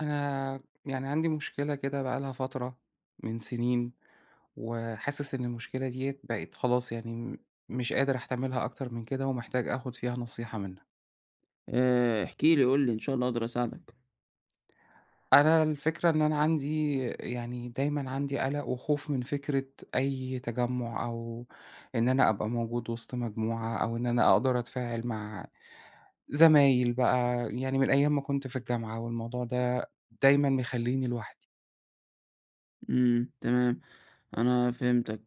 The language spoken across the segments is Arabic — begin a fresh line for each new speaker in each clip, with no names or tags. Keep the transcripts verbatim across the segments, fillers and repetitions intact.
أنا يعني عندي مشكلة كده بقى لها فترة من سنين وحاسس إن المشكلة ديّة بقي خلاص يعني م مش قادر أحتملها أكتر من كده، ومحتاج آخد فيها نصيحة منك.
آآ احكِ لي قل لي، إن شاء الله أقدر أساعدك.
أنا الفكرة إن أنا عندي يعني دايمًا عندي قلق وخوف من فكرة أي تجمّع، أو إن أنا أبقى موجود وسط مجموعة، أو إن أنا أقدر أتفاعل مع زمايل بقى، يعني من أيام ما كنت في الجامعة، والموضوع ده دايمًا مخليني لوحدي.
إمم، تمام، أنا فهمتك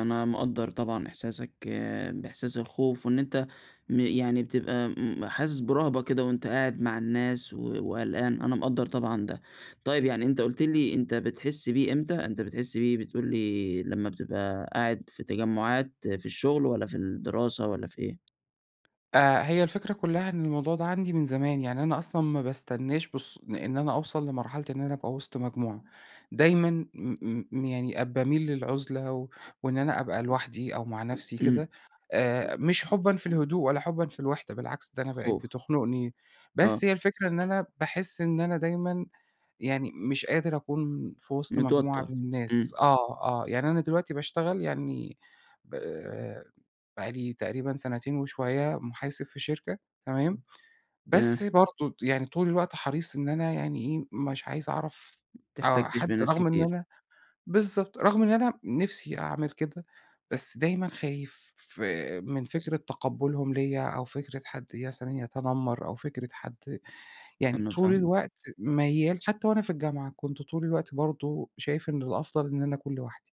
أنا مقدّر طبعًا إحساسك آآ بإحساس الخوف، وإن أنت م يعني بتبقى م حاسس برهبة كده وأنت قاعد مع الناس و وقلقان أنا مقدّر طبعًا ده. طيب يعني أنت قلت لي أنت بتحس بيه إمتى؟ أنت بتحس بيه بتقول لي لما بتبقى قاعد في تجمعات في الشغل، والّا في الدراسة والّا في إيه؟
آآ هي الفكرة كلها إن الموضوع ده عندي من زمان، يعني أنا أصلًا ما باستناش بالص لإن أنا أوصل لمرحلة إن أنا أبقى وسط مجموعة، دايمًا م م يعني آآ باميل للعزلة و وإن أنا أبقى لوحدي، أو مع نفسي
إمم.
كده، آآ مش حُبًا في الهدوء ولا حُبًا في الوحدة، بالعكس ده أنا بقيت
خوف.
بتخنقني.
آه.
بس هي الفكرة إن أنا باحس إن أنا دايمًا يعني مش قادر أكون في وسط مجموعة
متوتر.
من الناس
إمم.
آه، آه، يعني أنا دلوقتي باشتغل يعني ب بقى لي تقريبًا سنتين وشوية محاسب في شركة تمام؟ بس
تمام.
برضو يعني طول الوقت حريص إن أنا يعني إيه، مش عايز أعرف
ما
آه،
بتحتكش
حد
بناس
رغم إن
كتير.
أنا بالضبط، رغم إن أنا نفسي أعمل كده، بس دايمًا خايف آآ من فكرة تقبُّلهم ليّا، أو فكرة حد مثلًا يتنمر، أو فكرة حد يعني
أنا
طول
فاهمك، آه.
الوقت ميّال حتى وأنا في الجامعة كنت طول الوقت برضو شايف إن الأفضل إن أنا أكون لوحدي.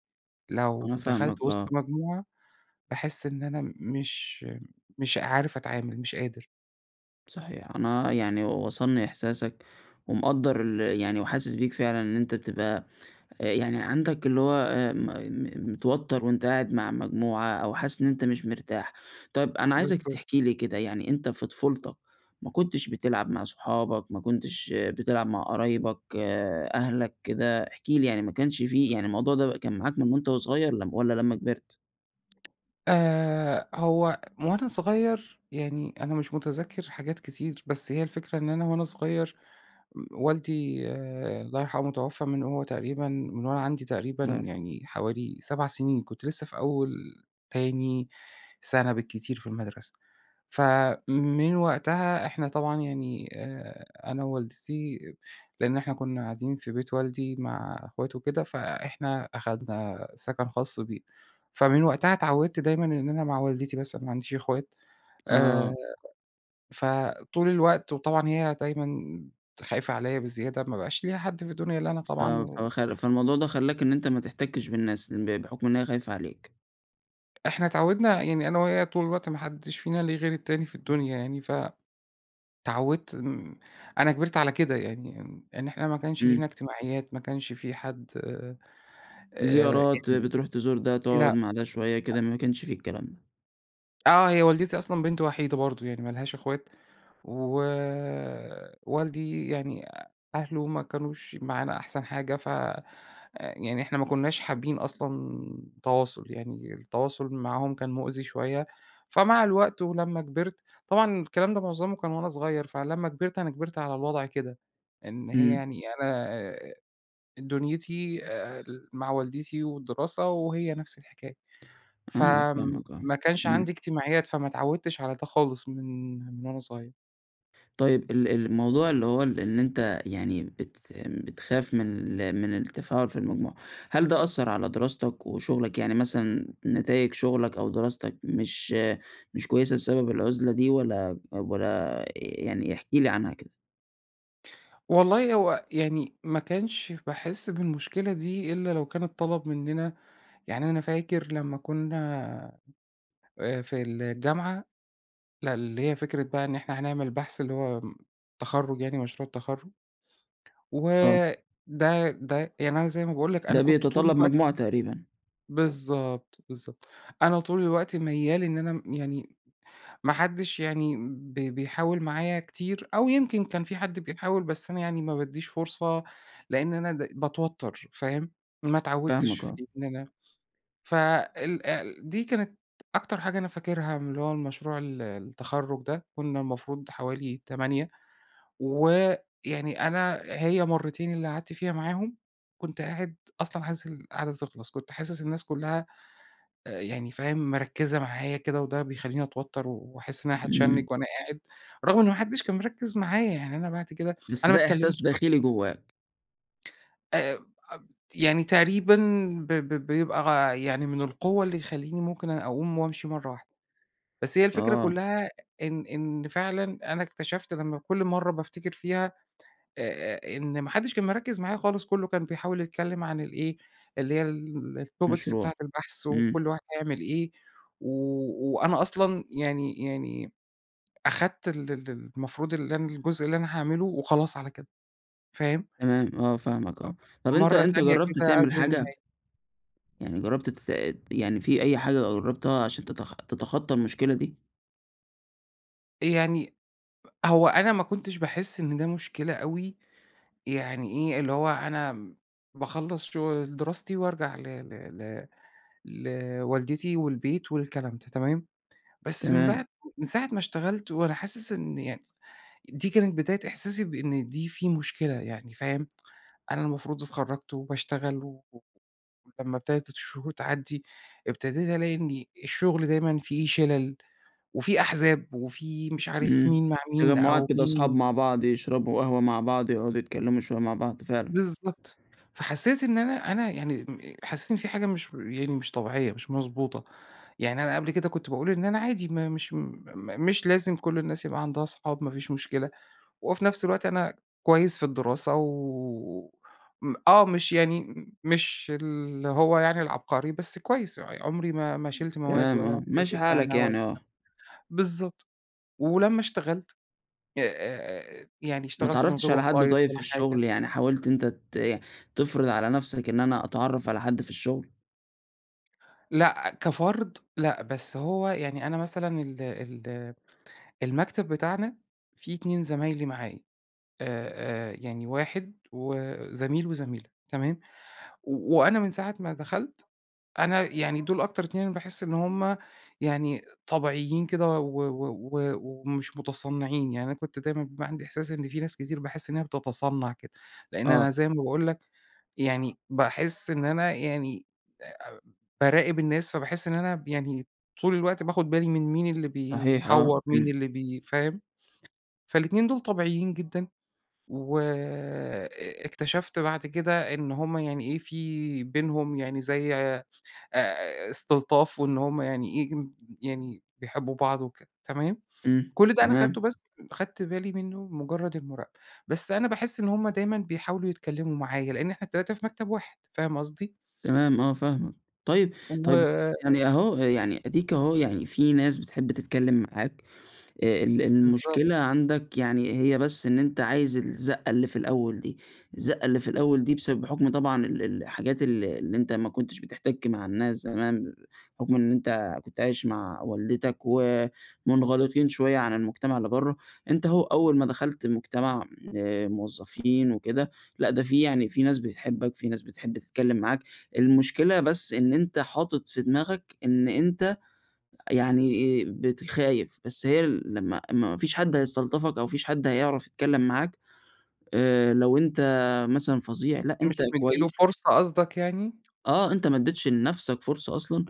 أنا
لو
فاهمك
دخلت وسط
آه.
مجموعة، باحس إن أنا مش مش عارف أتعامل مش قادر.
صحيح، أنا يعني وصلني إحساسك، ومقدر ال يعني وحاسس بيك فعلًا إن أنت بتبقى آآ، يعني عندك اللي هو آآ م م متوتر وأنت قاعد مع مجموعة أو حاسس إن أنت مش مرتاح. طيب، أنا عايزك
بالضبط.
تحكي لي كده يعني، أنت في طفولتك ما كنتش بتلعب مع صحابك؟ ما كنتش بتلعب مع قرايبك، أهلك؟ كده، احكِ لي يعني، ما كانش في يعني الموضوع ده بقي كان معاك من وأنت وصغير، والّا لمّا كبرت؟
آآ، هو وأنا صغير يعني أنا مش متذكر حاجات كتير، بس هي الفكرة إن أنا وأنا صغير م والدي الله يرحمه، توفى من وهو تقريبًا من وأنا عندي تقريبًا
الله يرحمه.
يعني حوالي سبع سنين. كُنت لسه في أول، تاني سنة بالكتير في المدرسة. فَمن وقتها إحنا طبعًا يعني آآ، أنا ووالدتي لأن إحنا كُنا قاعدين في بيت والدي مع أخواته وكده، فإحنا أخدنا سكن خاص بينا، فمن وقتها أتعودت دايمًا إن أنا مع والدتي بس، أنا ما عنديش أخوات
آه.
آآ، فطول الوقت وطبعًا هي دايمًا خايفة عليا بزيادة، ما بقاش ليها حد في الدنيا إلا أنا طبعًا
آه،
و
فهو خل فالموضوع ده خلّاك إن أنت ما تحتكش بالناس ب بحكم إنها خايفة عليك.
إحنا اتعودنا يعني أنا وهي طول الوقت ما حدش فينا له غير التاني في الدنيا يعني، فَ اتعودت أنا كبرت على كده يعني، يعني إن إحنا ما كانش لينا
إمم.
اجتماعيات، ما كانش في حد آآ،
زيارات،
يعني
بتروح تزور ده تقعد
لأ،
مع ده شوية كده،
لأ.
ما كانش في الكلام ده.
آه، هي والدتي أصلًا بنت وحيدة برضو يعني ما لهاش أخوات ووالدي يعني أهله ما كانوش معانا أحسن حاجة، فيعني إحنا ما كناش حابين أصلًا تواصل، يعني التواصل معاهم كان مؤذي شوية، فمع الوقت ولما كبرت طبعًا الكلام ده معظمه كان وأنا صغير، فلما كبرت أنا كبرت على الوضع كده إن هي
إمم.
يعني أنا دنيتي آآ، مع والدتي والدراسة، وهي نفس الحكاية.
أنا فاهمك، آه،
فَما كانش
امم.
عندي اجتماعيات فما اتعودتش على ده خالص من من وأنا صغير.
طيب ال ال الموضوع اللي هو إن أنت يعني بت بتخاف من ال من التفاعل في المجموعة، هل ده أثّر على دراستك وشغلك يعني مثلًا نتايج شغلك، أو دراستك مش مش كويسة بسبب العزلة دي؟ والّا والّا يعني احكِ لي عنها كده.
والله هو يعني، ما كانش باحس بالمشكلة دي إلّا لو كان اتطلب مننا، يعني أنا فاكر لما كنا، آآ في الجامعة، لأ اللي هي فكرة بقى إن إحنا هنعمل بحث اللي هو امم، تَخرُّج يعني مشروع التَخرُّج.
آه.
وده ده يعني أنا زي ما باقول لك أنا
ده
كنت طول
بيتطلّب
الوقت
مجموعة تقريبًا.
بالضبط بالضبط أنا طول الوقت ميّال إن أنا م يعني ما حدّش يعني ب بيحاول معايا كتير، أو يمكن كان في حد بيحاول بس أنا يعني ما بادّيش فرصة، لإن أنا د باتوتر فاهم؟ ما اتعودتش
فاهمك آه.
في إن أنا ف ال ال دي كانت أكتر حاجة أنا فاكرها من اللي هو المشروع ال التَخرُّج ده، كنا المفروض حوالي تمانية، ويعني أنا هي مرتين اللي قعدت فيها معاهم، كنت قاعد أصلًا عايز القاعدة دي تخلص، كنت حاسس الناس كلها أ يعني فاهم؟ مركّزة معايا كده وده بيخلّيني اتوتر. و واحس إن أنا هاتشنّج
إمم.
وأنا قاعد، رغم إن ما حدّش كان مركّز معايا يعني أنا بعد كده،
بس
أنا ما
ده إحساس
اتكلمتش
داخلي
أصلًا.
جواك.
آآ أ [unintelligible] يعني تقريبًا ب ب بيبقى غ يعني من القوة اللي يخلّيني ممكن أ أقوم وأمشي مرَّة واحدة. بس هي الفكرة
آه.
كلَّها إن إن فعلًا أنا اكتشفت لمّا كُل مرة بافتكر فيها، أ أ إن ما حدِّش كان مركِّز معايا خالص، كله كان بيحاول يتكلِّم عن ال إيه، اللي هي ال الTopics
مشروع.
بتاعة البحث،
آمم.
وكل واحد هيعمل إيه، و وأنا أصلًا يعني يعني أخدت ال ال المفروض اللي أنا الجزء اللي أنا هاعمله وخلاص على كده، فاهم؟
تمام. آه، فاهمك،
[unintelligible]
آه. طيب أنت
مرة
أنت
تانية
جرَّبت
كده
تعمل
قبل
حاجة؟
النهاية.
يعني جربت تت يعني في أي حاجة جربتها عشان تتخ تتخطى المشكلة دي؟
يعني، أ هو أنا ما كنتش باحس إن ده مشكلة أوي، يعني إيه، اللي هو أنا باخلص شغ دراستي وارجع ل ل ل لوالدتي والبيت والكلام ده، تمام، بس من
تمام.
بعد من ساعة ما اشتغلت وأنا حاسس إن يعني، دي كانت بداية إحساسي بإن دي في مشكلة، يعني فاهم، أنا المفروض اتخرَّجت، وباشتغل و و ولمّا إبتدت الشهور تعدّي، إبتديت ألاقي إن الشغل دايمًا في شِلَل، وفي أحزاب وفي مش عارف
آمم.
مين مع مين،
تجمُّعات
أو
كده وأصحاب
مين
مع
ضد
بعض يشربوا قهوة مع بعض، يقعدوا يتكلموا شوية مع بعض، فعلًا.
بالضبط، فحسِّيت إن أنا أنا يعني حسِّيت إن في حاجة مش يعني مش طبيعية، مش مضبوطة، يعني أنا قبل كده كنت باقول إن أنا عادي ما مش م مش لازم كُل الناس يبقى عندها أصحاب، مفيش مشكلة، وفي نفس الوقت أنا كويِّس في الدراسة و م آه مش يعني مش اللي هو يعني العبقري، بس كويِّس، عمري ما ما شِلت مواد
تمام،
ولا
آه.
شِلت
ماشي حالك
سنة ولا
يعني. آه.
بالضبط. ولمّا اشتغلت، [unintelligible] يعني
ما
اشتغلت من
اتعرَّفتش
غير
على حد
وسايِط
طيّب
ولا
في الشغل،
حاجة.
يعني حاولت أنت ت إيه، تفرض على نفسك إن أنا أتعرَّف على حد في الشغل؟
لأ كفرد لأ، بس هو يعني أنا مثلًا ال ال المكتب بتاعنا فيه اتنين زمايلي معايا، آآ، آآ يعني واحد و زميل، وزميلة، تمام؟ و وأنا من ساعة ما دخلت، أنا يعني دول أكتر اتنين أنا باحس إن هم يعني طبيعيين كده، و و و ومش مُتصنّعين. يعني أنا كنت دايمًا بيبقي عندي إحساس إن في ناس كتير، باحس إن هي بتتصنّع كده، لإن
آه.
أنا زي ما باقول لك، يعني باحس إن أنا يعني أ أ باراقب الناس، فباحس إن أنا يعني طول الوقت باخد بالي، من مين اللي
صحيح آه.
بيحوّر، مين
إمم.
اللي بي فاهم؟ فالاتنين دول طبيعيين جدًا، وأ أ اكتشفت بعد كده، إن هم يعني إيه، في بينهم يعني زي آآ استلطاف، وإن هم يعني ييجم يعني بيحبّوا بعض وكده، تمام؟
إمم.
كل ده أنا خدته
تمام.
بس أخدت بالي منّه مُجرّد المراقبة. بس أنا باحس إن هم دايمًا بيحاولوا يتكلّموا معايا، لإن إحنا التلاتة في مكتب واحد، فاهم قصدي؟
تمام، آه فاهمك. طيب طيب
و
يعني أهو، يعني أدِيك أهو يعني في ناس بتحب تتكلّم معاك، آآ ال ال المشكلة
بالضبط.
عندك يعني هي بس إن أنت عايز الزَّقة اللي في الأول دي، الزَّقة اللي في الأول دي بسبب حُكم طبعًا ال ال الحاجات الل اللي أنت ما كنتش بِتِحتَك مع الناس زمان، حُكم إن أنت كنت عايش مع والدتك، ومُنغلقين شوية عن المجتمع اللي بره. أنت أهو، أول ما دخلت المجتمع آآ، موظفين وكده، لأ ده في يعني، في ناس بتحبك، في ناس بتحب تتكلّم معاك. المشكلة بس إن أنت حاطط في دماغك، إن أنت يعني إيه، بقيت خايف. بس هي لمّا ما فيش حَد هيستلطفك أو ما فيش حَد هيعرف يتكلّم معاك، آآ، لو أنت مثلًا فظيع، لأ أنت
مش مدّي له
كويس
فرصة قصدك يعني؟
آه، أنت ما أدّيتش لنفسك فرصة أصلًا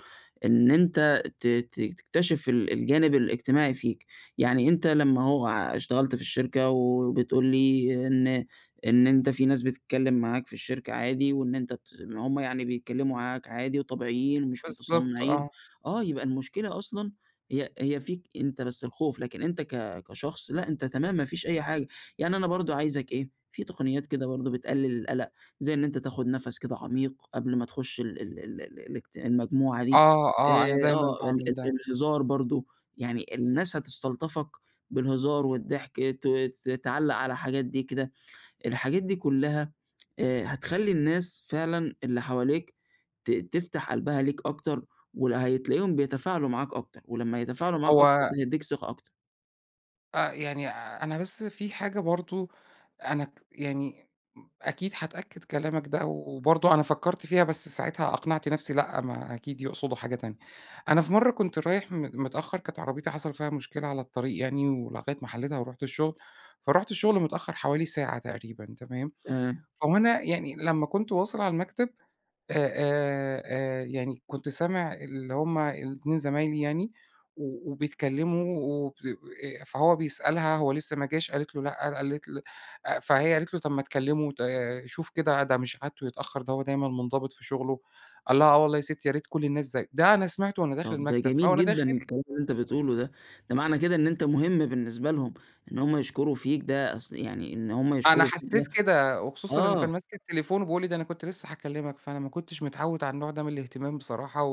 إن أنت ت ت تكتشف ال الجانب الاجتماعي فيك. يعني أنت لمّا أهو اشتغلت في الشركة، وبتقول لي، إن إن أنت في ناس بتتكلّم معاك في الشركة عادي، وإن أنت بت ما هم يعني بيتكلّموا معاك عادي وطبيعيين، ومش
بالضبط،
مُتصنّعين،
آه.
آه، يبقى المشكلة أصلًا هي هي فيك أنت بس الخوف، لكن أنت ك كشخص لأ، أنت تمام ما فيش أي حاجة. يعني أنا برضه عايزك إيه، في تقنيات كده برضه بتقلل القلق، زي إن أنت تاخد نفس كده عميق قبل ما تخُش ال ال ال ال الاجت المجموعة دي،
آه، آه. أنا
آآ،
دايمًا
آه، ال ال
باعمل ده.
الهزار برضه، يعني الناس هتستلطفك بالهزار والضحك، ت ت تعلّق على حاجات دي كده. الحاجات دي كلّها آآ هتخلّي الناس فعلًا اللي حواليك ت تفتح قلبها ليك أكتر، ولا هتلاقيهم بيتفاعلوا معاك أكتر ولمّا يتفاعلوا معاك أكتر،
هو
ده هيدّيك ثقة أكتر.
آه، يعني أنا بس في حاجة برضه أنا ك يعني [unintelligible] أكيد هاتأكّد كلامك ده، وبرضه أنا فكّرت فيها، بس ساعتها أقنعت نفسي لأ، ما أكيد يقصدوا حاجة تانية. أنا في مرّة كنت رايح م متأخّر، كانت عربيتي حصل فيها مشكلة على الطريق يعني ولغاية ما حَلّيتها، ورُحت الشغل. فرُحت الشغل متأخّر حوالي ساعة تقريبًا تمام،
آآ
هو أنا يعني لمّا كنت واصل على المكتب، أ أ أ يعني كنت سامع اللي هم الاتنين زمايلي يعني، و وبيتكلّموا، وب أ فهو بيسألها، هو لسّه ما جاش قالت له: "لأ." أ قالت ل أ فهي قالت له: "طب ما تكلّمه، وت شوف كده ده مش عادته يتأخّر، ده هو دايمًا مُنضبط في شغله." قال لها: "آه والله يا ستّي، يا ريت كل الناس زيّه." ده أنا سمعته، وأنا داخل
طب ده
المكتب.
جميل
فوأنا داخل
جدًا الكلام اللي أنت بتقوله ده. ده معنى كده، إن أنت مهم بالنسبة لهم. إن هم يشكروا فيك ده أس يعني إن هم
أنا
يشكروا
حسّيت
[unintelligible]
كده، وخصوصًا إنه
آه.
كان ماسك التليفون، وبيقول لي: "ده أنا كنت لسّه هاكلّمك." فأنا ما كنتش متعوّد على النوع ده من الاهتمام بصراحة،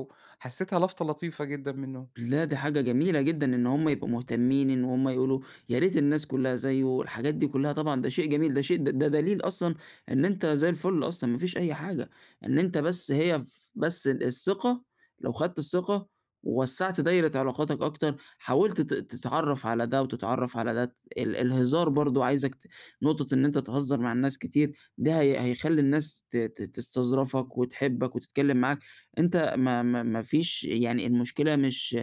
وحسّيتها لَفطَة لطيفة جدًا منّه.
لا، دي حاجة جميلة جدًا، إن هم يبقوا مُهتمّين، إن هُم يقولوا يا ريت الناس كلّها زيُّه، الحاجات دي كلّها طبعًا ده شيء جميل، ده شي ده دليل أصلًا إن أنت زي الفل أصلًا، ما فيش أي حاجة. إن أنت بس هي ف بس ال الثقة، لو خدت الثقة، ووسّعت دايرة علاقاتك أكتر، حاولت ت تتعرّف على ده، وتتعرّف على ده. ت ال الهزار برضه، عايزك ت نقطة إن أنت تهزّر مع الناس كتير ده هي هيخلّي الناس ت ت تستظرفك، وتحبك، وتتكلّم معاك. أنت ما ما ما فيش يعني المشكلة مش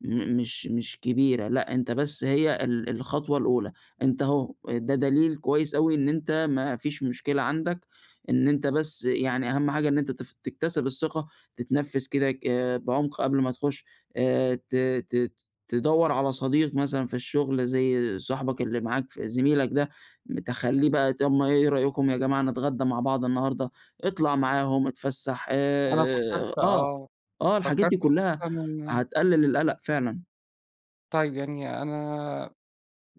م مش مش كبيرة، لأ أنت بس هي ال الخطوة الأولى. أنت أهو، ده دليل كويس أوي، إن أنت ما فيش مشكلة عندك، إن أنت بس يعني أهَم حاجة إن أنت تف تكتسِب الثقة، تتنفس كده ك بعُمق قبل ما تخُش. آآ ت ت ت تدوّر على صديق مثلًا في الشغل زي صاحبك اللي معاك ف زميلك ده. م تخلّيه بقى، طب ما إيه رأيكم يا جماعة نتغدّى مع بعض النهاردة؟ اطلع معاهم، اتفسّح
أنا
آآ
فكّرت
آه،
آه.
آه. الحاجات
فكّرت
دي كلّها،
وخصوصًا إن
هتقلل القَلَق فعلًا.
طيب، يعني أنا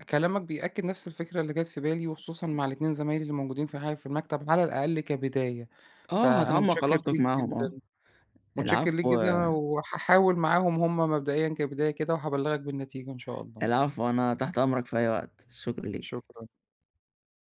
كلامك بيأكّد نفس الفكرة اللي جات في بالي، وخصوصًا مع الاتنين زمايلي اللي موجودين في ح في المكتب على الأقل كبداية.
آه،
فأنا
هتعَمّق
مُتشكّر
علاقتك
ليك
معاهم
جدًا
آه.
مُتشكّر ليك
العفو
جدًا، وهاحاول معاهم هم مبدئيًا كبداية كده، وهابلّغك بالنتيجة إن شاء الله.
العفو. أنا تحت أمرك في أي وقت، شكرًا ليك.
شكرًا.